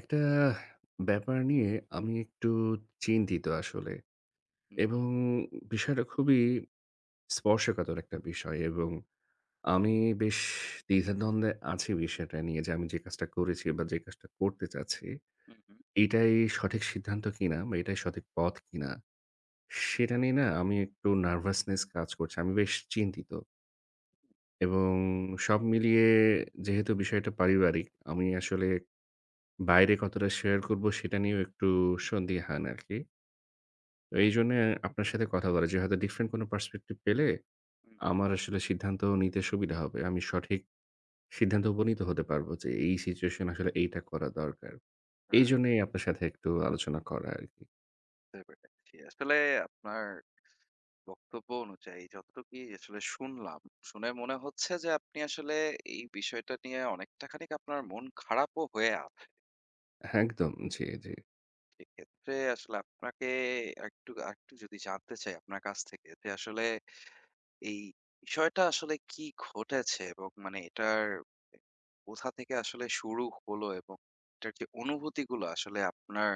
একটা ব্যাপার নিয়ে আমি একটু চিন্তিত আসলে। হুম। এবং বিষয়টা খুবই স্পর্শকাতর একটা বিষয় এবং আমি বেশ দ্বিধাদ্বন্দ্বে আছি বিষয়টা নিয়ে যে, আমি যে কাজটা করেছি বা যে কাজটা করতে চাচ্ছি হুম, হুম। এইটাই সঠিক সিদ্ধান্ত কীনা বা এটাই সঠিক পথ কীনা? সেটা নিয়ে না আমি একটু nervousness কাজ করছে। আমি বেশ চিন্তিত। এবং সব মিলিয়ে যেহেতু বিষয়টা পারিবারিক, আমি আসলে বাইরে কতটা share করবো সেটা নিয়েও একটু সন্দিহান আরকি। এইজন্য আপনার সাথে কথা বলা যে হয়তো different কোন perspective পেলে উম, হুম। আমার আসলে সিদ্ধান্ত নিতে সুবিধা হবে। আমি সঠিক সিদ্ধান্তে উপনীত নিতে হতে পারবো যে এই situation এ আসলে এইটা করা দরকার। [unintelligible] এইজন্যই আপনার সাথে একটু আলোচনা করা আরকি। [unintelligible] আসলে আপনার বক্তব্য অনুযায়ী যতটুকুই আসলে শুনলাম, শুনে মনে হচ্ছে যে আপনি আসলে এই বিষয়টা নিয়ে অনেকটা খানিক আপনার মন খারাপও হয়ে আ একদম। জি, জি। সেক্ষেত্রে আসলে আপনাকে একটু, আকটু যদি জানতে চাই আপনার কাছ থেকে যে আসলে এই বিষয়টা আসলে কী ঘটেছে এবং মানে এটার কোথা থেকে আসলে শুরু হলো, এবং এটার কি অনুভূতিগুলো আসলে আপনার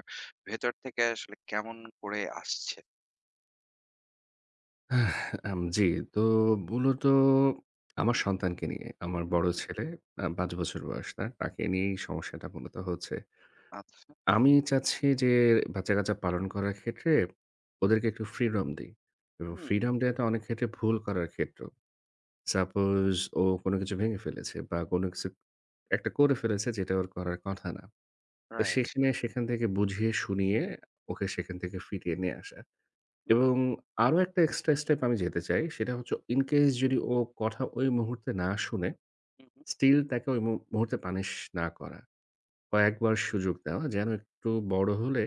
ভেতর থেকে আসলে কেমন করে আসছে? M G. তো মূলত আমার সন্তানকে নিয়ে, আমার হুম, বড় হুম। ছেলে, আ ৫ বছর বয়স তার। তাকে নিয়েই সমস্যাটা মূলত হচ্ছে। আচ্ছা। আমি চাচ্ছি যে বাচ্চা-কাচ্চা পালন করার ক্ষেত্রে ওদেরকে একটু freedom দেই, এবং হুম। freedom দেওয়াটা অনেক ক্ষেত্রে ভুল করার ক্ষেত্র। Suppose ও কোন কিছু ভেঙে ফেলেছে বা, কোন কিছু একটা করে ফেলেছে যেটা ওর করার কথা না। তো Right. সেখানে, সেখান থেকে বুঝিয়ে-শুনিয়ে ওকে সেখান থেকে ফিরিয়ে নিয়ে আসা, এবং আরও একটা extra step আমি যেতে চাই সেটা হচ্ছে in case যদি ও কথা ওই মুহূর্তে না শোনে হুম, হুম। still তাকে ওই মুহূর্তে punish না করা। কয়েকবার সুযোগ দেওয়া, যেন একটু হুম। বড় হলে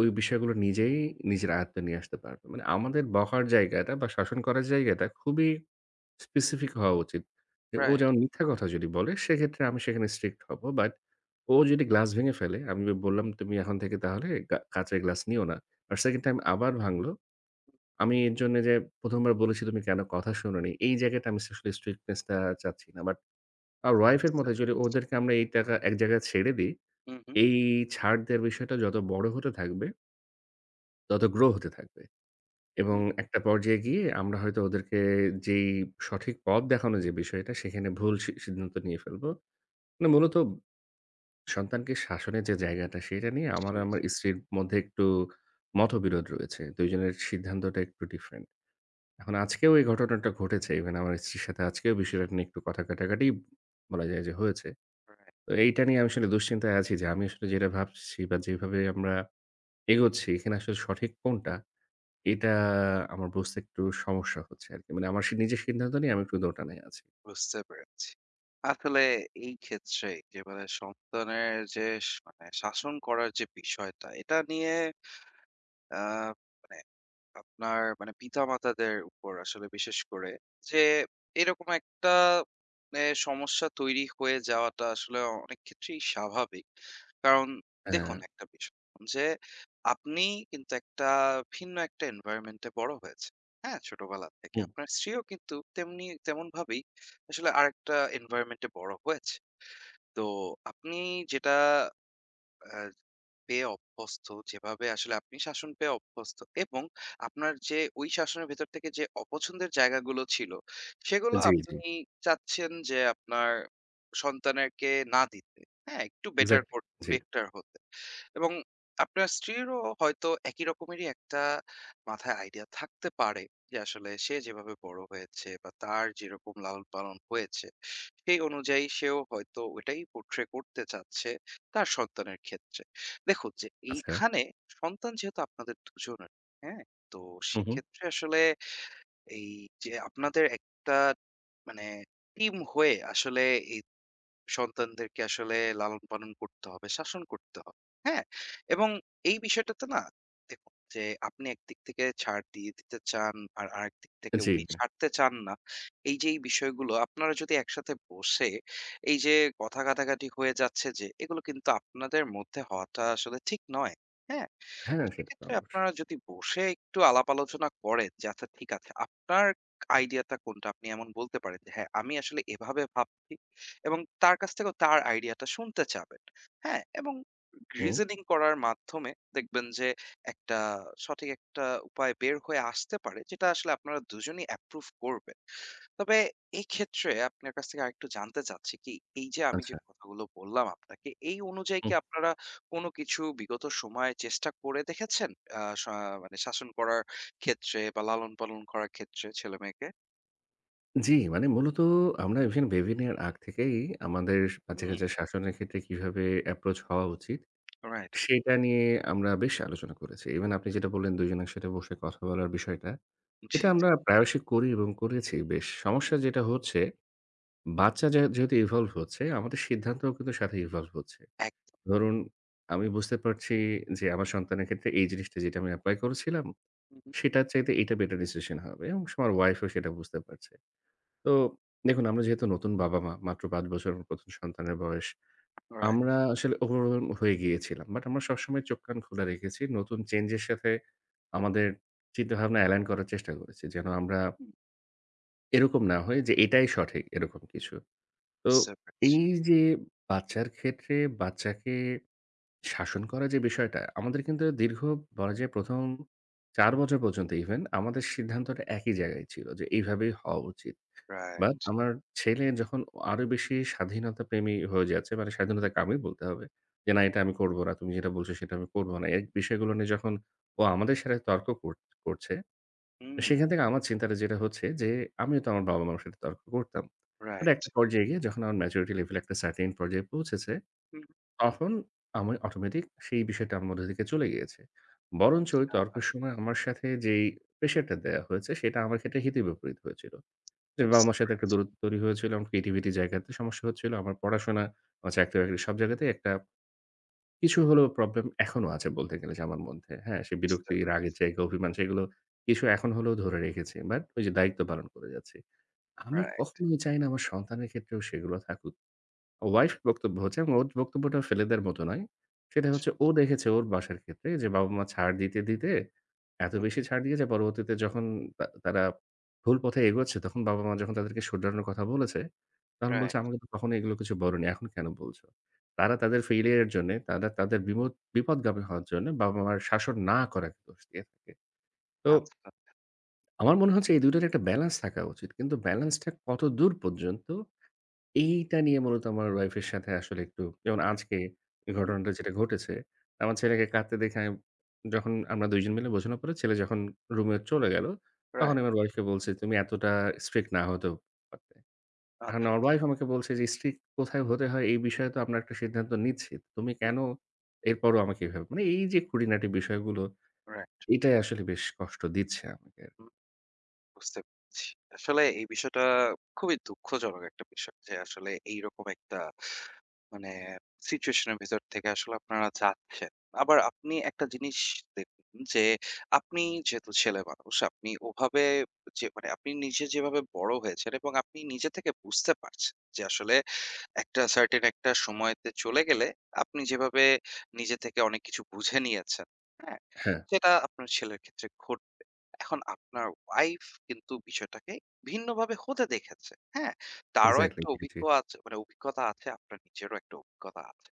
ওই বিষয়গুলো নিজেই, নিজের আয়ত্তে নিয়ে আসতে পারবে। মানে আমাদের বকার জায়গাটা বা শাসন করার জায়গাটা খুবই specific হওয়া উচিত। যে ও রাইট। যেমন মিথ্যা কথা যদি বলে সেক্ষেত্রে আমি সেখানে strict হবো। But ও যদি glass ভেঙে ফেলে আমি বললাম "তুমি এখন থেকে তাহলে কা কাঁচের glass নিও না।" But second time আবার ভাঙলো। আমি এর জন্য যে ১ম বার বলেছি, "তুমি কেন কথা শোনোনি?" এই জায়গাতে আমি আসলে strictness-টা চাচ্ছি না। But আমার wife এর বুঝতে মতে যদি পারছি। ওদেরকে আমরা এই তাকা এক জায়গায় ছেড়ে দেই হুম, হুম। এই ছাড় দেওয়ার বিষয়টা যত বড় হতে থাকবে তত grow হতে থাকবে, এবং হুম। একটা পর্যায়ে গিয়ে আমরা হয়তো ওদেরকে যেই সঠিক পথ দেখানোর যে বিষয়টা সেখানে ভুল সি সিদ্ধান্ত নিয়ে ফেলব। মানে মূলত সন্তানকে শাসনের যে জায়গাটা সেটা নিয়ে আমার জি, জি। আমার স্ত্রীর মধ্যে একটু মতবিরোধ রয়েছে। ২ জনের সিদ্ধান্তটা একটু different। এখন আজকেও এই ঘটনাটা ঘটেছে। Even আমার স্ত্রীর সাথে আজকেও বিষয়টা নিয়ে একটু কথা কাটাকাটি বলা যায় যে হয়েছে। রাইট। তো এইটা নিয়ে আমি আসলে দুশ্চিন্তায় আছি যে আমি আসলে যেটা ভাবছি বা, যেভাবে আমরা এগোচ্ছি এখানে আসলে সঠিক কোনটা? এটা আমার বুঝতে একটু সমস্যা হচ্ছে আরকি। মানে আমার সি নিজের সিদ্ধান্ত নিয়ে আমি একটু দোটানায় আছি। বুঝতে পেরেছি। আসলে এই ক্ষেত্রে যে, মানে সন্তানের যে, স মানে শাসন করার যে বিষয়টা এটা নিয়ে, আ মানে আপনার মানে পিতা-মাতাদের উপর আসলে বিশেষ করে যে এরকম একটা, মানে সমস্যা তৈরি হয়ে যাওয়াটা আসলে অনেক ক্ষেত্রেই স্বাভাবিক। কারণ দেখুন হ্যাঁ। একটা বিষয়, যে আপনি কিন্তু একটা ভিন্ন একটা environment-এ বড় হয়েছেন। হ্যাঁ, ছোটবেলা থেকে হুম। আপনার স্ত্রীও কিন্ত তেমনি তেমনভাবেই আসলে আরেকটা environment-এ বড় হয়েছে। তো আপনি যেটা, অ্যাঁ পেয়ে অভ্যস্ত, যেভাবে আসলে আপনি শাসন পেয়ে অভ্যস্ত এবং আপনার যে ওই শাসনের ভেতর থেকে যে অপছন্দের জায়গাগুলো ছিল সেগুলো জি, আপনি জি। চাচ্ছেন যে আপনার সন্তানদেরকে না দিতে। হ্যাঁ, একটু better Exactly, করো জি। better হতে। এবং আপনার স্ত্রীরও হয়তো একই রকমেরই একটা মাথায় idea থাকতে পারে যে আসলে সে যেভাবে বড় হয়েছে বা, তার যেরকম লালন-পালন হয়েছে সেই অনুযায়ী সেও হয়তো ওটাই portray করতে চাচ্ছে তার সন্তানের ক্ষেত্রে। দেখুন যে আচ্ছা। এইখানে সন্তান যেহেতু আপনাদের দুজনের, হ্যাঁ? তো হুম, হুম। সেক্ষেত্রে আসলে এই যে আপনাদের একটা মানে team হয়ে আসলে, এই সন্তানদেরকে আসলে লালন-পালন করতে হবে, শাসন করতে হবে। হ্যাঁ, এবং এই বিষয়টাতে না দেখুন যে আপনি একদিক থেকে ছাড় দিয়ে দিতে চান আর আরেকদিক থেকে জি, উনি ভাইয়া। ছাড়তে চান না। এই যে এই বিষয়গুলো আপনারা যদি একসাথে বসে এই যে কথা-কাটাকাটি হয়ে যাচ্ছে যে এগুলো কিন্তু আপনাদের মধ্যে হওয়াটা আসলে ঠিক নয়। হ্যাঁ? হ্যাঁ। সেটা তো সেক্ষেত্রে অবশ্যই। আপনারা যদি বসে একটু আলাপ-আলোচনা করেন যে আচ্ছা ঠিক আছে, আপনার idea-টা কোনটা? আপনি এমন বলতে পারেন যে হ্যাঁ, আমি আসলে এভাবে ভাবছি এবং তার কাছ থেকেও তার idea টা শুনতে চাবেন। হ্যাঁ, এবং হুম। reasoning করার মাধ্যমে দেখবেন যে একটা, সঠিক একটা উপায় বের হয়ে আসতে পারে যেটা আসলে আপনারা দুজনেই approve করবেন। তবে এক্ষেত্রে আপনার কাছ থেকে আরেকটু জানতে চাচ্ছি কি এই যে আমি যে আচ্ছা। কথাগুলো বললাম আপনাকে, এই অনুযায়ী কি হুম। আপনারা কোনো কিছু বিগত সময়ে চেষ্টা করে দেখেছেন, অ্যা সা মানে শাসন করার ক্ষেত্রে বা, লালন-পালন করার ক্ষেত্রে ছেলে-মেয়েকে? জি, মানে মূলত আমরা even baby নেয়ার আগ থেকেই আমাদের হুম। বাচ্চা-কাচ্চার শাসনের ক্ষেত্রে কিভাবে approach হওয়া উচিত, রাইট। সেটা নিয়ে আমরা বেশ আলোচনা করেছি। Even আপনি যেটা বললেন দুইজন একসাথে বসে কথা বলার বিষয়টা, জি, এটা জি। আমরা প্রায়শই করি এবং করেছি বেশ। হুম। সমস্যা যেটা হচ্ছে, বাচ্চা য্যা যেহেতু evolve হচ্ছে, আমাদের সিদ্ধান্তও কিন্তু সাথে evolve হচ্ছে। একদম। ধরুন আমি বুঝতে পারছি যে, আমার সন্তানের ক্ষেত্রে এই জিনিসটা যেটা আমি apply করেছিলাম, হু, হু। সেটার চাইতে এটা better decision হবে এবং স আমার wife ও সেটা বুঝতে পারছে। তো দেখুন আমরা যেহেতু নতুন বাবা-মা, মাত্র ৫ বছর প্রথম সন্তানের বয়স। রাইট। আমরা আসলে overwhelmed হয়ে গিয়েছিলাম, But আমরা সবসময় চোখ-কান খোলা রেখেছি, নতুন change এর সাথে আমাদের চিন্তাভাবনা align করার চেষ্টা করেছি, যেন আমরা হুঁ। এরকম না হয় যে এটাই সঠিক, এরকম কিছু। তো বুঝতে পারছি। এই যে বাচ্চার ক্ষেত্রে বাচ্চাকে শাসন করা যে বিষয়টা। আমাদের কিন্তু দীর্ঘ বলা যায় প্রথম ৪ বছর পর্যন্ত even আমাদের সিদ্ধান্তটা একই জায়গায় ছিল যে, এইভাবেই হওয়া উচিত। But right. আমার ছেলে যখন অ আরও বেশি স্বাধীনতা প্রেমী হয়ে যাচ্ছে, মানে হুঁ। স্বাধীনতাকামী বলতে হবে। যে না এটা আমি করব না, তুমি যেটা বলছ সেটা আমি করব না। এক বিষয়গুলো নিয়ে যখন ও আমাদের সাথে তর্ক কর করছে, তো হুম। সেখান থেকে আমার চিন্তার যেটা হচ্ছে যে আমিও তো আমার বাবা-মার সাথে তর্ক করতাম। মানে রাইট। একটা পর্যায়ে গিয়ে যখন আমার maturity level একটা certain পর্যায়ে পৌঁছেছে, হুঁ। তখন আমি automatic সেই বিষয়টা আমার মধ্যে থেকে চলে গিয়েছে। বরঞ্চ ওই আচ্ছা। তর্কের সময় আমার সাথে যেই pressure টা দেয়া হয়েছে, সেটা আমার ক্ষেত্রে হিতে বিপরীত হয়েছিল। যে বুঝতে বাবা-মার সাথে একটা পারছি। দূরত্ব তৈরি হয়েছিল, এবং পৃথিবীতে জায়গাতে সমস্যা হচ্ছিল, আমার পড়াশোনা, আমার চাকরি-বাকরি সব জায়গাতেই একটা, কিছু হলেও problem এখনও আছে বলতে গেলে যে আমার মধ্যে, হ্যাঁ? সে বুঝতে বিরক্তি, পারছি। রাগের জায়গা, অভিমান সেইগুলো কিছু এখন হলেও ধরে রেখেছি, but ওই যে দায়িত্ব পালন করে যাচ্ছি। আমি রাইট। কখনোই চাই না আমার সন্তানের ক্ষেত্রেও সেগুলো থাকুক। wife বক্তব্য হচ্ছে এবং ওর বক্তব্যটাও ফেলে দেওয়ার মতো নয়। সেটা [unintelligible] হচ্ছে ও দেখেছে ওর বাসার ক্ষেত্রে যে, বাবা-মা ছাড় দিতে, দিতে এত হুম, হু। বেশি ছাড় দিয়েছে পরবর্তীতে যখন তা তারা ভুল পথে এগোচ্ছে তখন বাবা-মা যখন তাদেরকে শুধরানোর কথা বলেছে, তখন বলছে রাইট। "আমাকে তো কখনোই এগুলো কিছু বলোনি, এখন কেন বলছো?" তারা তাদের failure এর জন্যে, তারা তাদের বিমোদ বিপদগামী হওয়ার জন্যে বাবা-মার শাসন না করা দোষ দিয়ে থাকে। তো আচ্ছা। আমার মনে হচ্ছে এই দুইটার একটা balance রাখা উচিত। কিন্তু balance টা কতদূর পর্যন্ত, এইটা নিয়ে মূলত আমার wife এর সাথে আসলে একটু, যেমন রাইট, আজকে এ হুম, হু। ঘটনাটা যেটা ঘটেছে। আমার ছেলেকে কাঁদতে দেখে আমি যখন আমরা ২জন মিলে বোঝানোর পরে ছেলে যখন রুমে চলে গেল, তখন রাইট। আমার wife কে বলছি, "তুমি এতটা strict না হতেও পারতে।" আর আচ্ছা, আমার আচ্ছা। wife আমাকে বলছে যে, "strict কোথায় হতে হয় এই বিষয়ে তো আমরা একটা সিদ্ধান্ত নিচ্ছি, তুমি হুম, কেন হু। এরপরও আমাকে এভাবে?" মানে এই যে খুটিনাটি বিষয়গুলো, Right. এটাই আসলে বেশ কষ্ট দিচ্ছে আমাকে। হু। বুঝতে পারছি। আসলে এই বিষয়টা খুবই দুঃখজনক একটা বিষয় যে, আসলে এই রকম একটা মানে situation এর ভেতর থেকে আসলে আপনারা যাচ্ছেন। আবার আপনি একটা জিনিস দেখবেন যে, আপনি যেহেতু ছেলে মানুষ, আপনি ওভাবে যে মানে আপনি নিজে যেভাবে বড় হয়েছেন এবং আপনি নিজে থেকে বুঝতে পারছেন যে আসলে একটা certain একটা সময়তে চলে গেলে আপনি যেভাবে নিজে থেকে অনেক কিছু বুঝে নিয়েছেন, হ্যাঁ, হ্যাঁ। সেটা আপনার ছেলের ক্ষেত্রে ঘটবে। এখন আপনার wife কিন্তু বিষয়টাকে ভিন্নভাবে হতে দেখেছে, হ্যাঁ? তারও Exactly, একটা জি, জি। অভিজ্ঞ আছে মানে অভিজ্ঞতা আছে, আপনার নিজেরও একটা অভিজ্ঞতা আছে।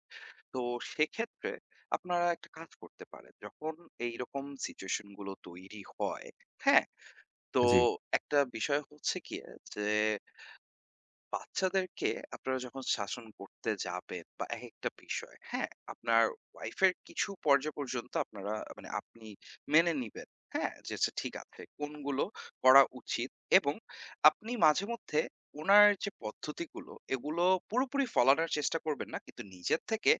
তো সেক্ষেত্রে আপনারা একটা কাজ করতে পারেন, যখন এইরকম situation গুলো তৈরি হয়, হ্যাঁ, তো জি। একটা বিষয় হচ্ছে কি যে, বাচ্চাদেরকে আপনারা যখন শাসন করতে যাবেন বা এক একটা বিষয়, হ্যাঁ, আপনার wife এর কিছু পর্যায় পর্যন্ত আপনারা, মানে আপনি মেনে নিবেন, হ্যাঁ, যে আচ্ছা ঠিক আছে। কোনগুলো করা উচিত এবং আপনি মাঝেমধ্যে উনার যে পদ্ধতিগুলো এগুলো পুরোপুরি ফলানোর চেষ্টা করবেন না। কিন্তু নিজের থেকে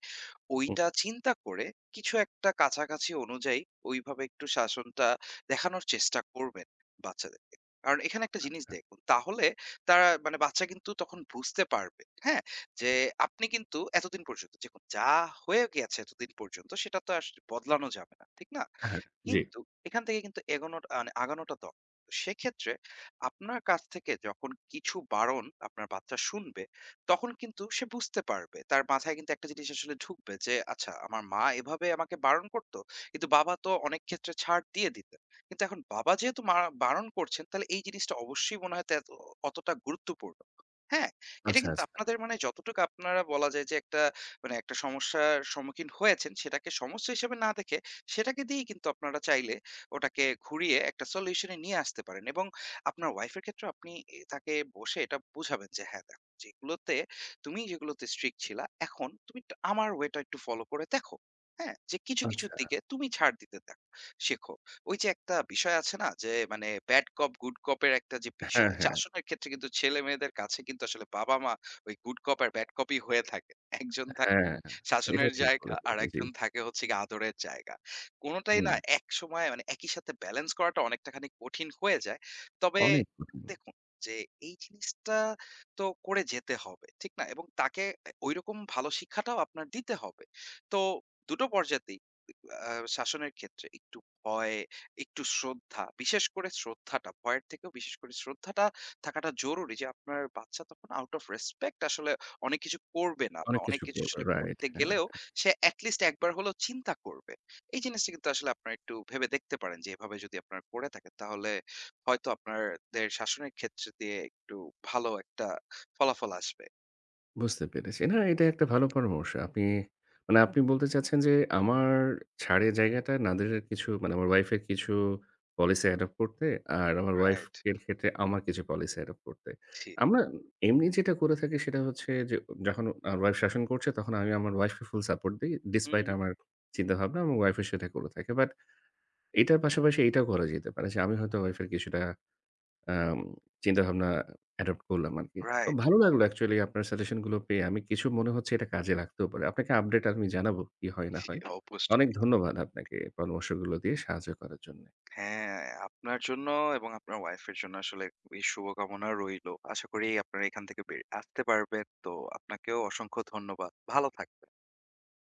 উঁ ওইটা চিন্তা করে কিছু একটা কাছাকাছি অনুযায়ী ওইভাবে একটু শাসনটা দেখানোর চেষ্টা করবেন বাচ্চাদেরকে। কারণ এখানে একটা জিনিস আচ্ছা। দেখুন, তাহলে তারা মানে বাচ্চা কিন্তু তখন বুঝতে পারবে, হ্যাঁ, যে আপনি কিন্তু এতদিন পর্যন্ত, দেখুন যা হয়ে গিয়াছে এতদিন পর্যন্ত, সেটা তো আস বদলানো যাবে না, ঠিক না? হ্যাঁ, জি। কিন্তু এখান থেকে কিন্তু এগোনোটা মানে আগানোটা দরকার। সেক্ষেত্রে আপনার কাছ থেকে যখন কিছু বারণ আপনার বাচ্চা শুনবে, তখন কিন্তু সে বুঝতে পারবে। তার মাথায় কিন্তু একটা জিনিস আসলে ঢুকবে যে 'আচ্ছা আমার মা এভাবে আমাকে বারণ করতো। কিন্তু বাবা তো অনেক ক্ষেত্রে ছাড় দিয়ে দিতেন। কিন্তু এখন বাবা যেহেতু মার বারণ করছেন তাহলে এই জিনিসটা অবশ্যই মনে হয় তেত অতটা গুরুত্বপূর্ণ' হ্যাঁ, এটা আচ্ছা, কিন্তু আচ্ছা। আপনাদের মানে যতটুকু আপনারা বলা যায় যে, একটা মানে একটা সমস্যার সম্মুখীন হয়েছেন, সেটাকে সমস্যা হিসেবে না দেখে সেটাকে দিয়েই কিন্তু আপনারা চাইলে ওটাকে ঘুরিয়ে একটা solution এ নিয়ে আসতে পারেন। এবং আপনার wife এর ক্ষেত্রেও আপনি এ তাকে বসে এটা বুঝাবেন যে হ্যাঁ দেখো "যেগুলোতে তুমি যেগুলোতে strict ছিলা এখন তুমি একটু আমার way টা একটু follow করে দেখো, হ্যাঁ, যে কিছু কিছুর আচ্ছা। দিকে তুমি ছাড় দিতে দেখো, শেখো।" ওই যে একটা বিষয় আছে না যে মানে "bad cop, good cop" এর একটা যে হ্যাঁ, বিষয়। হ্যাঁ। শাসনের ক্ষেত্রে কিন্তু ছেলেমেয়েদের কাছে কিন্তু আসলে বাবা-মা ওই good cop আর bad cop ই হয়ে থাকে। একজন থাকে হ্যাঁ, এইটা শাসনের ঠিক জায়গা, বলেছেন জি। আরেকজন থাকে হচ্ছে গিয়ে আদরের জায়গা। কোনটাই হুম, না হুঁ। একসময়ে মানে একই সাথে balance করাটা অনেকটাখানি কঠিন হয়ে যায়। তবে অনেক পছন্দ। দেখুন যে, এই জিনিসটা তো করে যেতে হবে, ঠিক না? এবং তাকে অ্যা ওইরকম ভালো শিক্ষাটাও আপনার দিতে হবে। তো দুটো পর্যায়তেই [unintelligible] অ্যা শাসনের ক্ষেত্রে একটু ভয়, একটু শ্রদ্ধা, বিশেষ করে শ্রদ্ধাটা, ভয়ের থেকেও বিশেষ করে শ্রদ্ধাটা থাকাটা জরুরি। যে আপনার বাচ্চা তখন out of respect আসলে অনেক কিছু করবে না বা অনেক অনেক কিছু কিছু করবে আসলে right, করতে হ্যাঁ, গেলেও হ্যাঁ। সে at least একবার হলেও চিন্তা করবে। এই জিনিসটি কিন্তু আসলে আপনারা একটু ভেবে দেখতে পারেন যে এভাবে যদি আপনারা করে থাকেন তাহলে হয়তো আপনারদের শাসনের ক্ষেত্র দিয়ে একটু ভালো একটা ফলাফল আসবে। বুঝতে পেরেছি। না, এটা একটা ভালো পরামর্শ। আপনি, মানে আপনি বলতে চাচ্ছেন যে আমার ছাড়ের জায়গাটা না দিয়ে কিছু, মানে আমার wife এর কিছু policy adopt করতে, আর আমার wife রাইট। এর ক্ষেত্রে আমার কিছু policy adopt করতে। উচিৎ। আমরা এমনি যেটা করে থাকি সেটা হচ্ছে যে, যখন আমার wife শাসন করছে তখন আমি আমার wife কে full support দেই, হু, despite হু। আমার চিন্তাভাবনা এবং wife ও সেটা করে থাকে। But এটার পাশাপাশি এটাও করা যেতে পারে যে আমি হয়তো wife এর কিছুটা অ্যাম চিন্তাভাবনা adopt করলাম আরকি। তো Right. ভালো লাগলো actually আপনার suggestion গুলো পেয়ে। আমি কিছু মনে হচ্ছে এটা কাজে লাগতেও পারে। আপনাকে update আমি জানাবো কি হয় না জ্বী, হয়, অনেক অবশ্যই। ধন্যবাদ আপনাকে পরামর্শগুলো দিয়ে সাহায্য করার জন্যে। হ্যাঁ, আপনার জন্য এবং আপনার wife এর জন্য আসলে খুবই শুভকামনা রইল। আশা করি আপনারা এখান থেকে বেরিয়ে আসতে পারবেন। তো আপনাকেও অসংখ্য ধন্যবাদ। ভালো থাকবেন।